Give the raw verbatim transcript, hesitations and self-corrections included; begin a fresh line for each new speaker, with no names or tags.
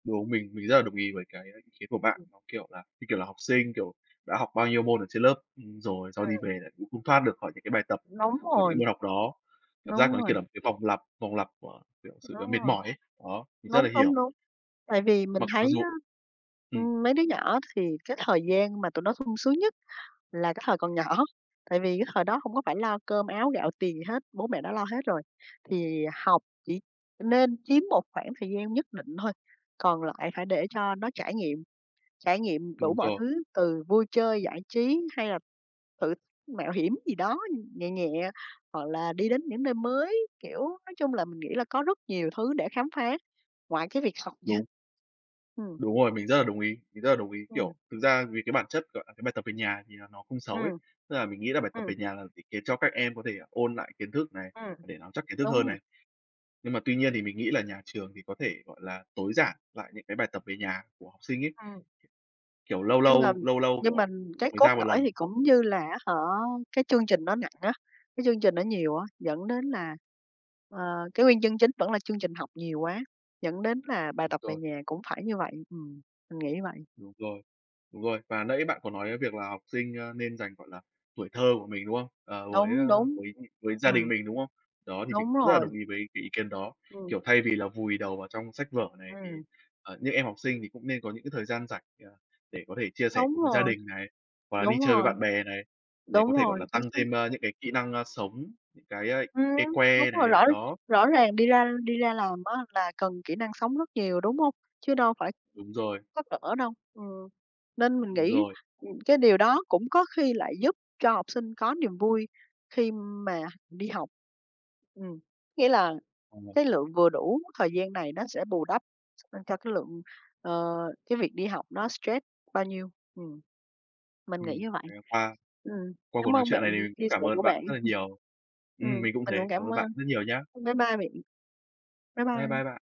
Đúng, mình mình rất là đồng ý với cái ý kiến của bạn,
Ừm.
nó, kiểu là, như, kiểu là, học sinh, kiểu, đã học bao nhiêu môn ở trên lớp, ừm, rồi sau đi
Ừm.
về lại cũng không thoát được khỏi những cái bài tập
Đúng
của những cái
rồi.
môn học đó. Cảm giác
Đúng
nó,
rồi.
kiểu là, một cái vòng lặp, vòng lặp của, kiểu, sự, à,
Đúng
mệt
rồi,
mỏi ấy, đó, mình rất
đúng,
là
đúng,
hiểu.
đúng. Tại vì mình
Mặc mặc
thấy
dù
á,
ừm.
ừm, mấy đứa nhỏ thì cái thời gian mà tụi nó sung sướng nhất là cái thời còn nhỏ, tại vì cái thời đó hông có phải lo cơm áo gạo tiền gì hết, bố mẹ đã lo hết rồi. Thì học chỉ nên chiếm một khoảng thời gian nhất định thôi, còn lại phải để cho nó trải nghiệm, trải nghiệm đủ
Đúng
mọi
rồi.
thứ từ vui chơi giải trí, hay là tự mạo hiểm gì đó nhẹ nhẹ hoặc là đi đến những nơi mới. Kiểu, nói chung là mình nghĩ là có rất nhiều thứ để khám phá ngoài cái việc học nha.
Đúng.
Ừm.
Đúng rồi, mình rất là đồng ý, mình rất là đồng ý,
Ừm.
kiểu, thực ra vì cái bản chất, gọi là, cái bài tập về nhà thì là nó không xấu ấy.
Ừm.
Tức là mình nghĩ là bài tập
Ừm.
về nhà là vì để cho các em có thể ôn lại kiến thức này,
Ừm,
để nắm chắc kiến thức hơn
đúng rồi.
này, nhưng mà tuy nhiên thì mình nghĩ là nhà trường thì có thể, gọi là, tối giản lại những cái bài tập về nhà của học sinh ấy,
Ừm.
kiểu, kiểu lâu
Nhưng mà
lâu, lâu lâu,
nhưng mà
kiểu,
cái
mới
cốt
ra một
lõi
lần.
thì cũng như là á hả, cái chương trình nó nặng á, cái chương trình nó nhiều á, dẫn đến là, ờ, cái nguyên nhân chính vẫn là chương trình học nhiều quá, dẫn đến là bài
Đúng
tập về
rồi.
nhà cũng phải như vậy. Ừm, mình nghĩ vậy.
Đúng rồi. Đúng rồi, và nãy bạn có nói cái việc là học sinh, a, nên dành, gọi là, tuổi thơ của mình, đúng không? Ờ, với á,
Đúng, đúng,
với, ưm, với gia đình
ừm.
mình, đúng không? Đó, thì mình
Đúng
cũng rất là
rồi.
đồng ý với cái ý kiến đó.
Ừm.
Kiểu, thay vì là vùi đầu vào trong sách vở này, thì,
Ừm.
ờ, những em học sinh thì cũng nên có những cái thời gian rảnh, ờ, để có thể chia sẻ
Đúng
cùng với gia
rồi.
đình này, hoặc là đi
Đúng
chơi với
rồi.
bạn bè này, để
Đúng
có thể gọi
rồi,
là
chính
tăng
xác.
thêm, ờ, những cái kỹ năng, a, sống, những cái, a,
Ừm,
cái
đúng
que
rồi,
nè,
rõ
đó.
rõ ràng đi ra đi ra làm á là cần kỹ năng sống rất nhiều, đúng hông? Chứ đâu phải
Đúng rồi.
sách vở đâu. Ừm, nên mình
Đúng
nghĩ,
rồi.
ừm, cái điều đó cũng có khi lại giúp cho học sinh có niềm vui khi mà đi học. Ừm, nghĩa là
À.
cái lượng vừa đủ thời gian này nó sẽ bù đắp, à, cho cái lượng ờ, cái việc đi học nó stress bao nhiêu, ừm. Mình nghĩ
Ừm,
như vậy.
thì qua
Ừm,
qua cuộc
cám
nói
ơn
chuyện
bạn
này thì
vì
mình cũng
chia
cảm
sẻ của
ơn bạn
bạn,
rất là nhiều.
ừm,
Ừm, mình cũng
mình
thế,
cũng
cảm
cảm
ơn bạn
ơn.
rất nhiều nhá.
Bye bye bạn, bye
Bye
bye.
bye bạn.